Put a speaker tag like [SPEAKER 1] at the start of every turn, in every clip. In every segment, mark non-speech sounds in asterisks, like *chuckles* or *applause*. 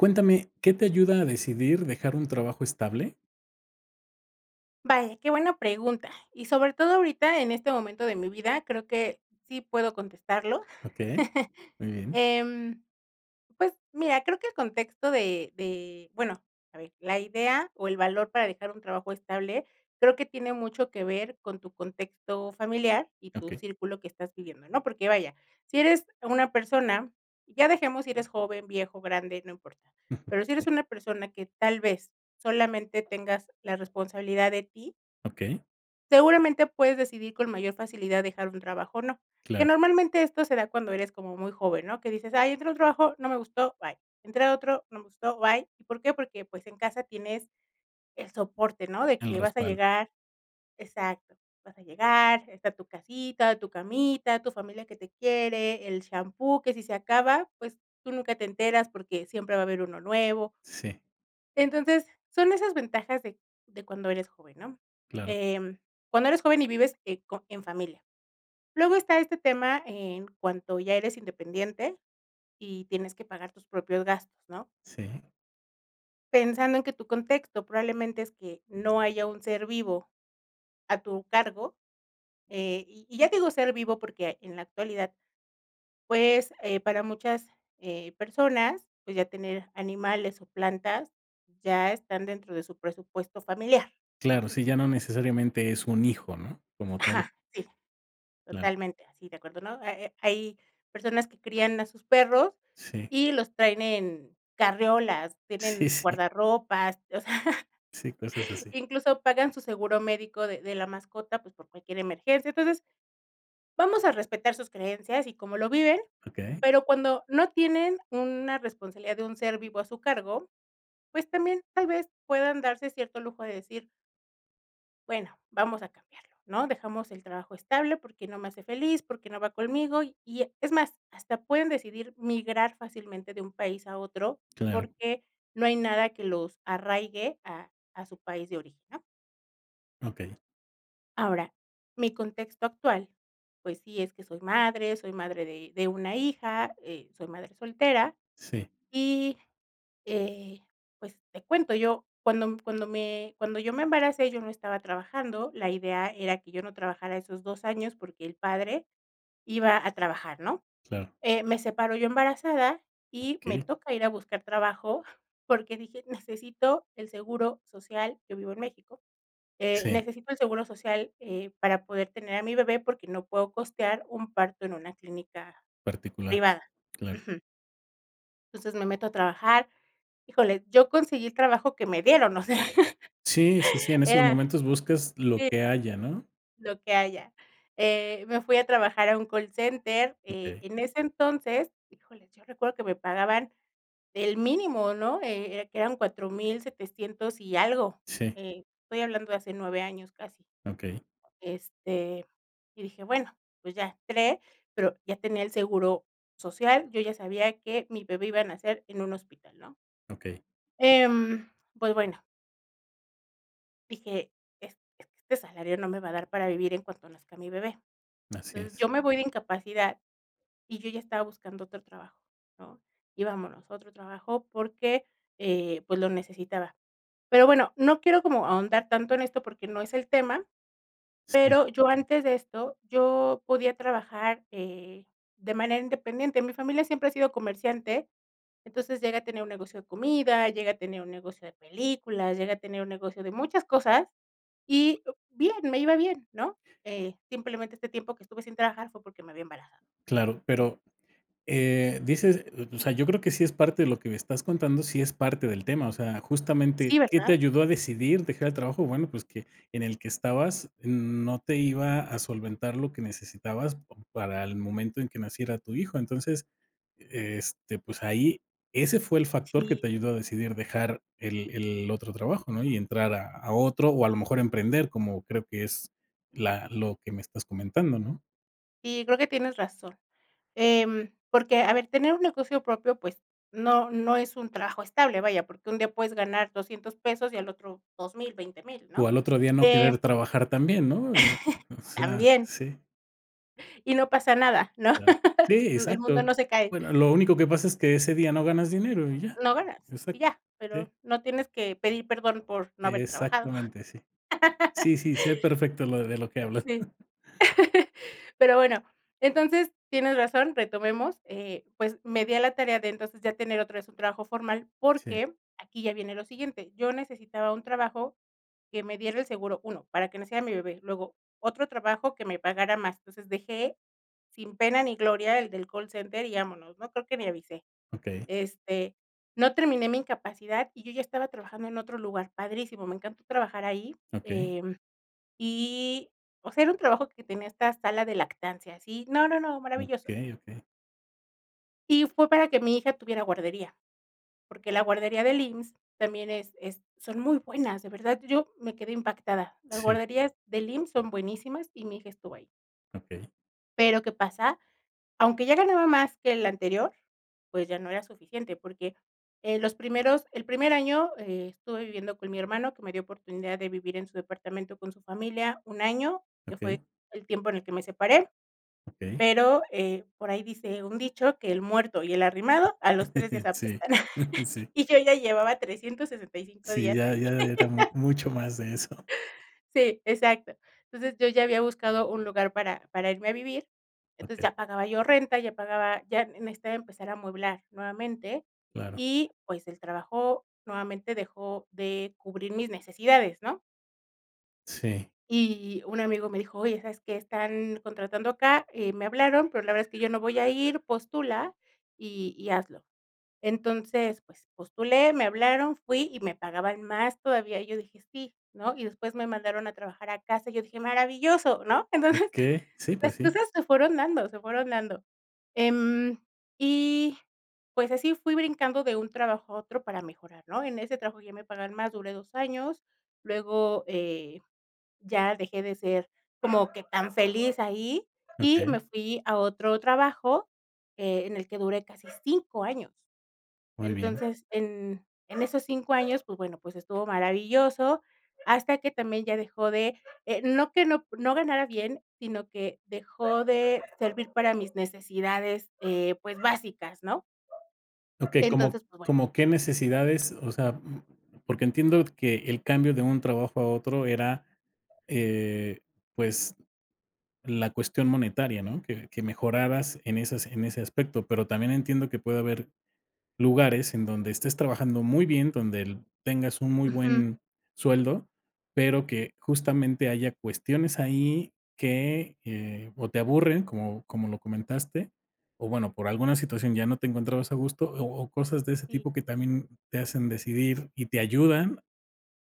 [SPEAKER 1] Cuéntame, ¿qué te ayuda a decidir dejar un trabajo estable?
[SPEAKER 2] Vaya, qué buena pregunta. Y sobre todo ahorita, en este momento de mi vida, creo que sí puedo contestarlo.
[SPEAKER 1] Okey.
[SPEAKER 2] *chuckles*
[SPEAKER 1] Muy bien.
[SPEAKER 2] Em, pues mira, creo que el contexto de de, bueno, a ver, la idea o el valor para dejar un trabajo estable, creo que tiene mucho que ver con tu contexto familiar y tu
[SPEAKER 1] Okey.
[SPEAKER 2] círculo que estás viviendo, ¿no? Porque vaya, si eres una persona, ya dejemos si eres joven, viejo, grande, no importa.
[SPEAKER 1] *chuckles*
[SPEAKER 2] Pero si eres
[SPEAKER 1] Sí.
[SPEAKER 2] una persona que tal vez solamente tengas la responsabilidad de ti
[SPEAKER 1] Okey.
[SPEAKER 2] seguramente puedes decidir con mayor facilidad dejar un trabajo o no. Que
[SPEAKER 1] Claro.
[SPEAKER 2] normalmente esto se da cuando eres como muy joven, ¿no? Que dices: "Ay entré al trabajo, no me gustó, bye". "Entré a otro, no me gustó, bye". ¿Y por qué? Porque, pues, en casa tienes el soporte, ¿no? De
[SPEAKER 1] El
[SPEAKER 2] que vas a
[SPEAKER 1] respaldo.
[SPEAKER 2] llegar exacto, vas a llegar, está tu casita, tu camita, tu familia que te quiere, el champú que si se acaba pues tú nunca te enteras porque siempre va a haber uno nuevo.
[SPEAKER 1] Sí.
[SPEAKER 2] Entonces son esas ventajas de de cuando eres joven, ¿no?
[SPEAKER 1] Claro.
[SPEAKER 2] Em, cuando eres joven y vives, eh, co en familia. Luego está este tema en cuanto ya eres independiente y tienes que pagar tus propios gastos, ¿no?
[SPEAKER 1] Sí.
[SPEAKER 2] Pensando en que tu contexto probablemente es que no haya un ser vivo a tu cargo. Eh, y y ya te digo ser vivo porque en la actualidad, pues, eh, para muchas, eh, personas, pues, ya tener animales o plantas ya están dentro de su presupuesto familiar, ¿no?
[SPEAKER 1] Claro, sí, ya no
[SPEAKER 2] Entonces
[SPEAKER 1] necesariamente es un hijo, ¿no? Como tal.
[SPEAKER 2] Ajá, sí.
[SPEAKER 1] Claro.
[SPEAKER 2] Totalmente así, de acuerdo, ¿no? Ha ha hay personas que crían a sus perros
[SPEAKER 1] Sí.
[SPEAKER 2] y los traen en carreolas,
[SPEAKER 1] Sí,
[SPEAKER 2] tienen
[SPEAKER 1] sí.
[SPEAKER 2] guardarropas, o sea,
[SPEAKER 1] Sí, cosas así.
[SPEAKER 2] incluso pagan su seguro médico de de la mascota, pues, por cualquier emergencia. Entonces, vamos a respetar sus creencias y cómo lo viven,
[SPEAKER 1] Okey.
[SPEAKER 2] pero cuando no tienen una responsabilidad de un ser vivo a su cargo, pues también tal vez puedan darse cierto lujo de decir bueno, vamos a cambiarlo, ¿no? Dejamos el trabajo estable porque no me hace feliz, porque no va conmigo, y y e es más, hasta pueden decidir migrar fácilmente de un país a otro
[SPEAKER 1] Claro.
[SPEAKER 2] porque no hay nada que los arraigue a a su país de origen, ¿no?
[SPEAKER 1] Okey.
[SPEAKER 2] Ahora, mi contexto actual, pues sí, es que soy madre. Soy madre de de 1 hija, eh, soy madre soltera
[SPEAKER 1] Sí.
[SPEAKER 2] y, eh, pues te cuento, yo cuando cuando me cuando yo me embaracé, yo no estaba trabajando. La idea era que yo no trabajara esos 2 años porque el padre iba a trabajar, ¿no?
[SPEAKER 1] Claro.
[SPEAKER 2] Eh, me separo yo embarazada y me
[SPEAKER 1] Okey.
[SPEAKER 2] toca ir a buscar trabajo porque dije: "Necesito el seguro social". Yo vivo en México. Eh,
[SPEAKER 1] Sí.
[SPEAKER 2] necesito el seguro social, eh, para poder tener a mi bebé porque no puedo costear un parto en una clínica
[SPEAKER 1] Particular,
[SPEAKER 2] privada,
[SPEAKER 1] claro.
[SPEAKER 2] ujú entonces me meto a trabajar. Híjole, yo conseguí el trabajo que me dieron, o sea,
[SPEAKER 1] Sí, sí, sí, en
[SPEAKER 2] *laughs*
[SPEAKER 1] esos
[SPEAKER 2] era
[SPEAKER 1] momentos buscas lo
[SPEAKER 2] sí
[SPEAKER 1] que haya, ¿no?
[SPEAKER 2] lo que haya. Eh, me fui a trabajar a un call center, eh,
[SPEAKER 1] Okey.
[SPEAKER 2] en ese entonces, híjole, yo recuerdo que me pagaban el mínimo, ¿no? Eh, era que daban $4,700 y algo.
[SPEAKER 1] Sí.
[SPEAKER 2] Eh, estoy hablando de hace 9 años casi,
[SPEAKER 1] Okey.
[SPEAKER 2] este, y dije: "Bueno, pues ya". Entré, pero ya tenía el seguro social. Yo ya sabía que mi bebé iba a nacer en un hospital, ¿no?
[SPEAKER 1] Okey.
[SPEAKER 2] Em, pues bueno dije: "Es es que este salario no me va a dar para vivir en cuanto nazca mi bebé".
[SPEAKER 1] Así
[SPEAKER 2] Entonces,
[SPEAKER 1] es.
[SPEAKER 2] yo me voy de incapacidad y yo ya estaba buscando otro trabajo, ¿no? Y vámonos a otro trabajo porque, eh, pues lo necesitaba. Pero bueno, no quiero como ahondar tanto en esto porque no es el tema.
[SPEAKER 1] Sí.
[SPEAKER 2] Pero yo antes de esto, yo podía trabajar, eh, de manera independiente. Mi familia siempre ha sido comerciante, entonces llegué a tener un negocio de comida, llegué a tener un negocio de películas, llegué a tener un negocio de muchas cosas y o bien, me iba bien, ¿no? Eh, simplemente este tiempo que estuve sin trabajar fue porque me había embarazado.
[SPEAKER 1] Claro, pero, eh, dices o o sea, yo creo que sí es parte de lo que me estás contando, sí es parte del tema. O sea, justamente,
[SPEAKER 2] Sí,
[SPEAKER 1] ¿qué te
[SPEAKER 2] ¿verdad?
[SPEAKER 1] ayudó a decidir dejar el trabajo? Bueno, pues que en el que estabas, mm, no te iba a solventar lo que necesitabas pa para el momento en que naciera tu hijo. Entonces, e este, pues ahí ese fue el factor que te
[SPEAKER 2] Sí.
[SPEAKER 1] ayudó a decidir dejar el el otro trabajo, ¿no?, y entrar a a otro o, a lo mejor, emprender, como creo que es la lo que me estás comentando, ¿no?
[SPEAKER 2] Sí, creo que tienes razón. Em, porque a ver tener un negocio propio pues no no es un trabajo estable vaya porque un día puedes ganar $200 pesos y al otro $2,000, $20,000,
[SPEAKER 1] O
[SPEAKER 2] ¿no?
[SPEAKER 1] al otro día no
[SPEAKER 2] Eh
[SPEAKER 1] querer trabajar también, ¿no? Eh,
[SPEAKER 2] *chuckles*
[SPEAKER 1] o sea,
[SPEAKER 2] También.
[SPEAKER 1] sí.
[SPEAKER 2] Y no pasa nada, ¿no?
[SPEAKER 1] Claro. Sí,
[SPEAKER 2] *laughs* Mm, el mundo
[SPEAKER 1] exacto.
[SPEAKER 2] no se cae.
[SPEAKER 1] Bueno, lo único que pasa es que ese día no ganas dinero y ya.
[SPEAKER 2] No ganas, y
[SPEAKER 1] Exacto.
[SPEAKER 2] ya,
[SPEAKER 1] Sí.
[SPEAKER 2] pero no tienes que pedir perdón por no haber trabajado.
[SPEAKER 1] Exactamente, sí.
[SPEAKER 2] *laughs*
[SPEAKER 1] Sí, sí, sé perfecto lo de lo que hablas.
[SPEAKER 2] Sí.
[SPEAKER 1] *chuckles*
[SPEAKER 2] *laughs* Pero bueno, entonces tienes razón, retomemos, eh, pues me di a la tarea de entonces ya tener otra vez un trabajo formal
[SPEAKER 1] Sí.
[SPEAKER 2] porque, aquí ya viene lo siguiente, yo necesitaba un trabajo que me diera el seguro, 1 para que naciera mi bebé, luego otro trabajo que me pagara más. Entonces dejé sin pena ni gloria el del call center y vámonos, no creo que ni avisé.
[SPEAKER 1] Okey.
[SPEAKER 2] Este, no terminé mi incapacidad y yo ya estaba trabajando en otro lugar, padrísimo, me encantó trabajar ahí.
[SPEAKER 1] Okey.
[SPEAKER 2] Em, y, o sea, era un trabajo que tenía esta sala de lactancia, sí, no, no, no, maravilloso.
[SPEAKER 1] Okey, okey.
[SPEAKER 2] Sí, fue para que mi hija tuviera guardería, porque la guardería del IMSS también es es son muy buenas, de verdad, yo me quedé impactada. Las
[SPEAKER 1] Sí.
[SPEAKER 2] guarderías del IMSS son buenísimas y mi hija estuvo ahí.
[SPEAKER 1] Okey.
[SPEAKER 2] Pero, ¿qué pasa? Aunque ya ganaba más que el anterior, pues, ya no era suficiente porque, eh, los primeros el primer año, eh, estuve viviendo con mi hermano que me dio oportunidad de vivir en su departamento con su familia 1 año, que
[SPEAKER 1] Okey.
[SPEAKER 2] fue el tiempo en el que me separé.
[SPEAKER 1] Okey.
[SPEAKER 2] Pero, eh, por ahí dice un dicho que: "El muerto y el arrimado a los 3 días
[SPEAKER 1] *chuckles* Sí.
[SPEAKER 2] apestan".
[SPEAKER 1] *chuckles*
[SPEAKER 2] *chuckles*
[SPEAKER 1] Sí.
[SPEAKER 2] Y yo ya llevaba 365
[SPEAKER 1] Sí,
[SPEAKER 2] días
[SPEAKER 1] ya
[SPEAKER 2] ahí.
[SPEAKER 1] ya era ya era mu mucho más de eso.
[SPEAKER 2] *laughs* Sí, exacto. Entonces, yo ya había buscado un lugar para para irme a vivir. Entonces,
[SPEAKER 1] Okey.
[SPEAKER 2] ya pagaba yo renta, ya pagaba ya necesitaba empezar a amueblar nuevamente
[SPEAKER 1] Claro.
[SPEAKER 2] y, pues, el trabajo nuevamente dejó de cubrir mis necesidades, ¿no?
[SPEAKER 1] Sí.
[SPEAKER 2] Y un amigo me dijo: "Oye, ¿sabes qué?, están contratando acá. Eh, me hablaron, pero la verdad es que yo no voy a ir. Postula y y hazlo". Entonces, pues, postulé, me hablaron, fui y me pagaban más todavía, y yo dije: "Sí", ¿no? Y después me mandaron a trabajar a casa, y yo dije: "Maravilloso", ¿no? Entonces,
[SPEAKER 1] Okey. Sí, pues
[SPEAKER 2] las
[SPEAKER 1] sí.
[SPEAKER 2] cosas se fueron dando, se fueron dando. Em, y, pues, así fui brincando de un trabajo a otro para mejorar, ¿no? En ese trabajo ya me pagaban más, duré 2 años. Luego, eh, ya dejé de ser como que tan feliz ahí, y me
[SPEAKER 1] Okey.
[SPEAKER 2] fui a otro trabajo, eh, en el que duré casi 5 años.
[SPEAKER 1] Muy bien.
[SPEAKER 2] Entonces, en en esos 5 años, pues, bueno, pues, estuvo maravilloso, hasta que también ya dejó de, eh, no que no no ganara bien, sino que dejó de servir para mis necesidades, eh, pues, básicas, ¿no?
[SPEAKER 1] Okey. ¿Cómo
[SPEAKER 2] Entonces, pues bueno.
[SPEAKER 1] cómo qué necesidades? O sea, mm, porque entiendo que el cambio de un trabajo a otro era, eh, pues, la cuestión monetaria, ¿no?, que que mejoraras en esas en ese aspecto. Pero también entiendo que puede haber lugares en donde estés trabajando muy bien, donde el tengas un muy
[SPEAKER 2] Ujú.
[SPEAKER 1] buen sueldo, pero que, justamente, haya cuestiones ahí que, eh, o te aburren, como como lo comentaste o, bueno, por alguna situación ya no te encontrabas a gusto. O o cosas de ese
[SPEAKER 2] Sí.
[SPEAKER 1] tipo que también te hacen decidir y te ayudan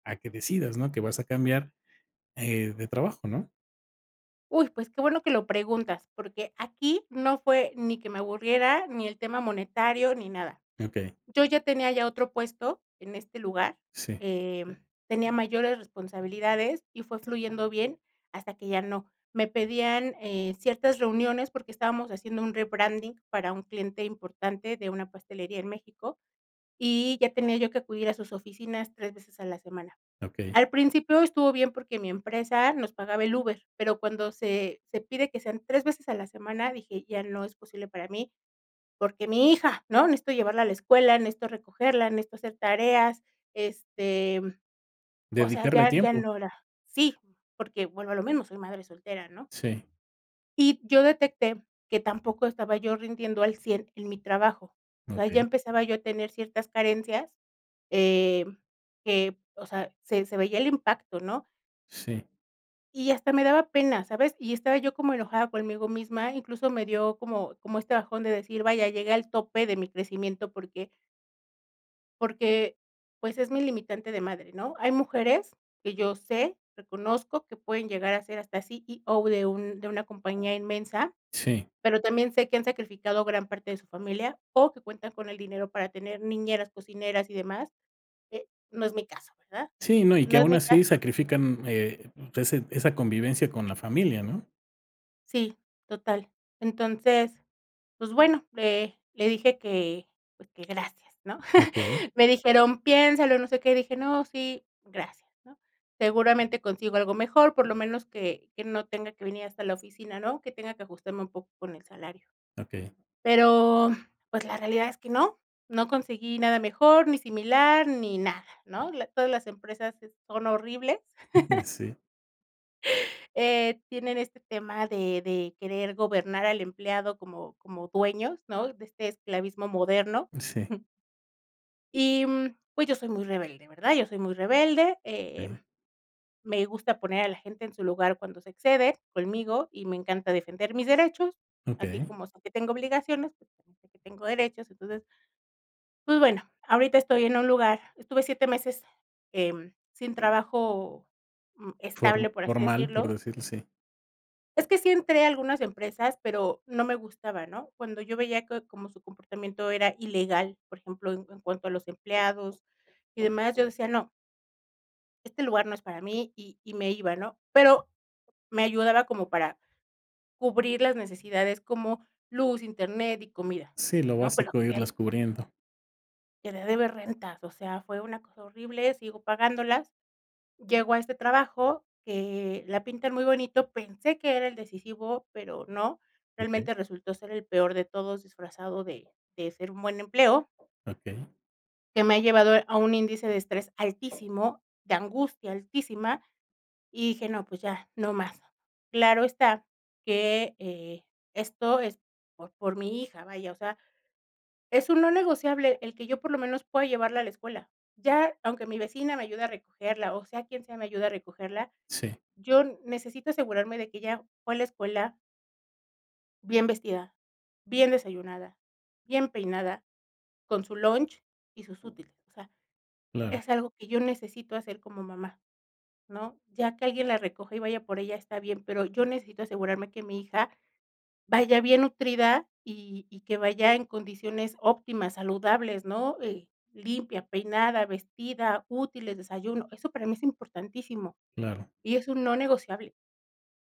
[SPEAKER 1] a que decidas, ¿no?, que vas a cambiar, eh, de trabajo, ¿no?
[SPEAKER 2] Uy, pues qué bueno que lo preguntas, porque aquí no fue ni que me aburriera ni el tema monetario ni nada.
[SPEAKER 1] Okey.
[SPEAKER 2] Yo ya tenía ya otro puesto en este lugar,
[SPEAKER 1] Sí.
[SPEAKER 2] em, tenía mayores responsabilidades y fue fluyendo bien hasta que ya no. Me pedían, eh, ciertas reuniones porque estábamos haciendo un rebranding para un cliente importante de una pastelería en México, y ya tenía yo que acudir a sus oficinas 3 veces a la semana.
[SPEAKER 1] Okey.
[SPEAKER 2] Al principio estuvo bien porque mi empresa nos pagaba el Uber, pero cuando se se pide que sean 3 veces a la semana, dije, ya no es posible para mí, porque mi hija, ¿no? Necesito llevarla a la escuela, necesito recogerla, necesito hacer tareas, este, o sea,
[SPEAKER 1] Dedicarle
[SPEAKER 2] ya ya
[SPEAKER 1] tiempo.
[SPEAKER 2] no era sí, porque vuelvo a lo mismo, soy madre soltera, ¿no?
[SPEAKER 1] Sí.
[SPEAKER 2] Y yo detecté que tampoco estaba yo rindiendo al 100 en mi trabajo, o sea ya
[SPEAKER 1] Okey.
[SPEAKER 2] empezaba yo a tener ciertas carencias, em, que, o sea, se se veía el impacto, ¿no?
[SPEAKER 1] Sí.
[SPEAKER 2] Y hasta me daba pena, ¿sabes? Y estaba yo como enojada conmigo misma, incluso me dio como como este bajón de decir: "Vaya, llegué al tope de mi crecimiento porque" "porque, pues, es mi limitante de madre", ¿no? Hay mujeres que yo sé, reconozco que pueden llegar a ser hasta CEO de un de una compañía inmensa,
[SPEAKER 1] Sí.
[SPEAKER 2] pero también sé que han sacrificado gran parte de su familia o que cuentan con el dinero para tener niñeras, cocineras y demás. Eh, no es mi caso, ¿verdad?
[SPEAKER 1] Sí, no. Y que
[SPEAKER 2] No es
[SPEAKER 1] aún
[SPEAKER 2] mi caso
[SPEAKER 1] así sacrifican, eh, ese esa convivencia con la familia, ¿no?
[SPEAKER 2] Sí, total. Entonces, pues bueno, le le dije que, pues, que gracias, ¿no?
[SPEAKER 1] Okey.
[SPEAKER 2] *chuckles* Me dijeron: "Piénsalo", no sé qué, dije: "No, sí, gracias", ¿no? Seguramente consigo algo mejor, por lo menos que que no tenga que venir hasta la oficina, ¿no? Que tenga que ajustarme un poco con el salario.
[SPEAKER 1] Okey.
[SPEAKER 2] Pero, pues, la realidad es que no, no conseguí nada mejor, ni similar, ni nada, ¿no? La todas las empresas es son horribles.
[SPEAKER 1] *chuckles*
[SPEAKER 2] *chuckles*
[SPEAKER 1] Sí.
[SPEAKER 2] Eh, tienen este tema de de querer gobernar al empleado como como dueños, ¿no? De este esclavismo moderno,
[SPEAKER 1] Sí.
[SPEAKER 2] jum y, mm, pues, yo soy muy rebelde, ¿verdad? Yo soy muy rebelde, eh,
[SPEAKER 1] Sí.
[SPEAKER 2] me gusta poner a la gente en su lugar cuando se excede, conmigo, y me encanta defender mis derechos, así
[SPEAKER 1] Okey.
[SPEAKER 2] como sé que tengo obligaciones, pues, también sé que tengo derechos, entonces pues, bueno ahorita estoy en un lugar, estuve 7 meses, em, sin trabajo, uh,
[SPEAKER 1] For
[SPEAKER 2] estable por así
[SPEAKER 1] formal,
[SPEAKER 2] decirlo.
[SPEAKER 1] por decirlo así.
[SPEAKER 2] Es que sí entré a algunas empresas, pero no me gustaba, ¿no? Cuando yo veía que como su comportamiento era ilegal, por ejemplo, en cuanto a los empleados y demás, yo decía: "No" "este lugar no es para mí", y y me iba, ¿no? Pero me ayudaba como para cubrir las necesidades como: luz, internet y comida,
[SPEAKER 1] Sí, lo
[SPEAKER 2] ¿no? Pero
[SPEAKER 1] básico,
[SPEAKER 2] que
[SPEAKER 1] irlas cubriendo.
[SPEAKER 2] que deber rentas, o sea, fue una cosa horrible, sigo pagándolas. Llego a este trabajo, eh, la pintan muy bonito, pensé que era el decisivo, pero no,
[SPEAKER 1] Okey.
[SPEAKER 2] realmente resultó ser el peor de todos, disfrazado de de ser un buen empleo
[SPEAKER 1] Okey.
[SPEAKER 2] que me ha llevado a un índice de estrés altísimo, de angustia altísima, y dije: "No, pues, ya, no más". Claro está que, eh, esto es por por mi hija, vaya, o sea, es un no negociable el que yo por lo menos pueda llevarla a la escuela. Ya aunque mi vecina me ayude a recogerla, o, sea quien sea me ayude a recogerla,
[SPEAKER 1] Sí.
[SPEAKER 2] yo necesito asegurarme de que ella fue la escuela bien vestida, bien desayunada, bien peinada, con su lunch y sus útiles. O sea,
[SPEAKER 1] Claro.
[SPEAKER 2] es algo que yo necesito hacer como mamá, ¿no? Ya que alguien la recoja y vaya por ella está bien, pero yo necesito asegurarme que mi hija vaya bien nutrida, y y que vaya en condiciones óptimas, saludables, ¿no? Eh, limpia, peinada, vestida, útiles, desayuno. Eso para mí es importantísimo.
[SPEAKER 1] Claro.
[SPEAKER 2] Y es un no negociable.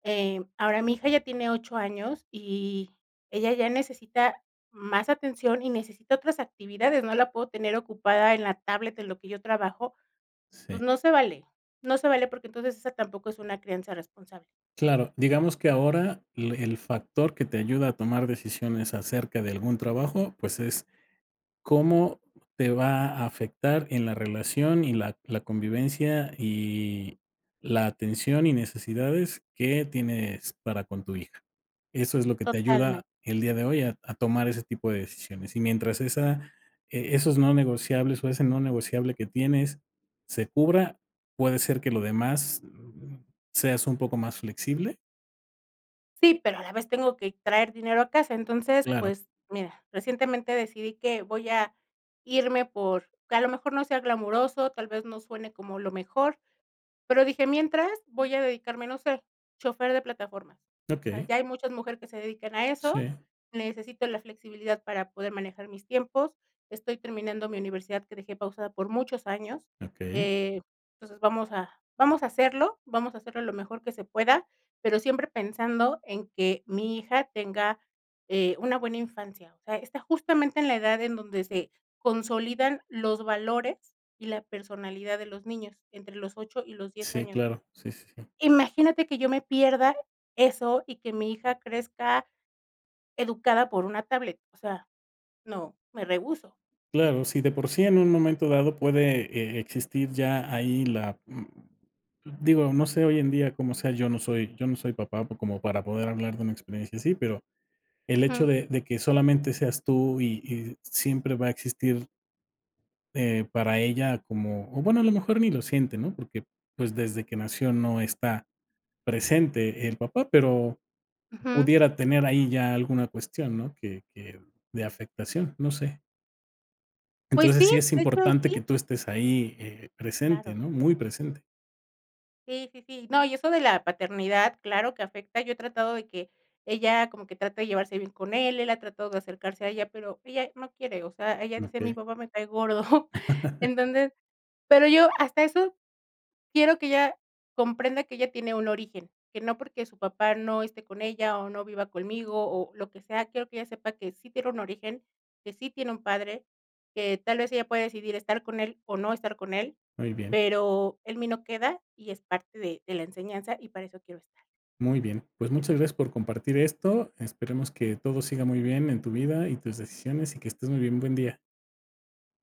[SPEAKER 2] Eh, ahora, mi hija ya tiene 8 años, y ella ya necesita más atención, y necesita otras actividades, no la puedo tener ocupada en la tablet, en lo que yo trabajo, pues,
[SPEAKER 1] Sí.
[SPEAKER 2] no se vale, no se vale porque entonces esa tampoco es una crianza responsable.
[SPEAKER 1] Claro, digamos que ahora le el factor que te ayuda a tomar decisiones acerca de algún trabajo, pues es cómo te va a afectar en la relación, y la la convivencia y la atención y necesidades que tienes para con tu hija. Eso es lo que te
[SPEAKER 2] Totalmen
[SPEAKER 1] ayuda el día de hoy a a tomar ese tipo de decisiones. Y mientras esa e esos no negociables o ese no negociable que tienes, se cubra, puede ser que lo demás *unintelligible* ¿seas un poco más flexible?
[SPEAKER 2] Sí, pero a la vez tengo que traer dinero a casa. Entonces,
[SPEAKER 1] Claro.
[SPEAKER 2] pues mira, recientemente decidí que voy a irme por que a lo mejor no sea glamoroso, tal vez no suene como lo mejor, pero dije, mientras, voy a dedicarme, no sé, chofer de plataformas. O sea,
[SPEAKER 1] Okey.
[SPEAKER 2] ya hay muchas mujeres que se dedican a eso,
[SPEAKER 1] Sí.
[SPEAKER 2] necesito la flexibilidad para poder manejar mis tiempos, estoy terminando mi universidad, que dejé pausada por muchos años,
[SPEAKER 1] Okey.
[SPEAKER 2] eh, entonces vamos a vamos a hacerlo, vamos a hacerlo lo mejor que se pueda, pero siempre pensando en que mi hija tenga, eh, una buena infancia. O sea, está justamente en la edad en donde se consolidan los valores y la personalidad de los niños, entre los 8 y los 10
[SPEAKER 1] Sí,
[SPEAKER 2] años.
[SPEAKER 1] claro. Sí, sí, sí.
[SPEAKER 2] Imagínate que yo me pierda eso y que mi hija crezca educada por una tablet, o sea, no, me rehúso.
[SPEAKER 1] Claro, si de por sí en un momento dado puede, eh, existir ya ahí la, mm, digo, no sé hoy en día cómo sea, yo no soy yo no soy papá por como para poder hablar de una experiencia así, pero el hecho
[SPEAKER 2] Ujú.
[SPEAKER 1] de de que solamente seas tú y y siempre va a existir eh, para ella como o bueno, a lo mejor ni lo siente, ¿no? Porque, pues, desde que nació no está presente el papá, pero
[SPEAKER 2] Ujú.
[SPEAKER 1] pudiera tener ahí ya alguna cuestión, ¿no?, que que de afectación, no sé.
[SPEAKER 2] Pues
[SPEAKER 1] Entonces,
[SPEAKER 2] sí,
[SPEAKER 1] sí es
[SPEAKER 2] de hecho,
[SPEAKER 1] importante
[SPEAKER 2] sí.
[SPEAKER 1] que tú estés ahí, eh, presente,
[SPEAKER 2] Claro.
[SPEAKER 1] ¿no?, muy presente.
[SPEAKER 2] Sí, sí, sí. No, y eso de la paternidad, claro que afecta. Yo he tratado de que ella como que trate de llevarse bien con él, él ha tratado de acercarse a ella, pero ella no quiere, o sea, ella dice: "Mi
[SPEAKER 1] Okey.
[SPEAKER 2] papá me cae gordo". *chuckles*
[SPEAKER 1] *laughs*
[SPEAKER 2] Entonces pero yo hasta eso quiero que ella comprenda que ella tiene un origen, que no porque su papá no esté con ella, o no viva conmigo, o lo que sea, quiero que ella sepa que sí tiene un origen, que sí tiene un padre, que tal vez ella pueda decidir estar con él o no estar con él,
[SPEAKER 1] Muy bien.
[SPEAKER 2] pero en mí no queda, y es parte de de la enseñanza y para eso quiero estar.
[SPEAKER 1] Muy bien. Pues muchas gracias por compartir esto. Esperemos que todo siga muy bien en tu vida y tus decisiones y que estés muy bien. Buen día.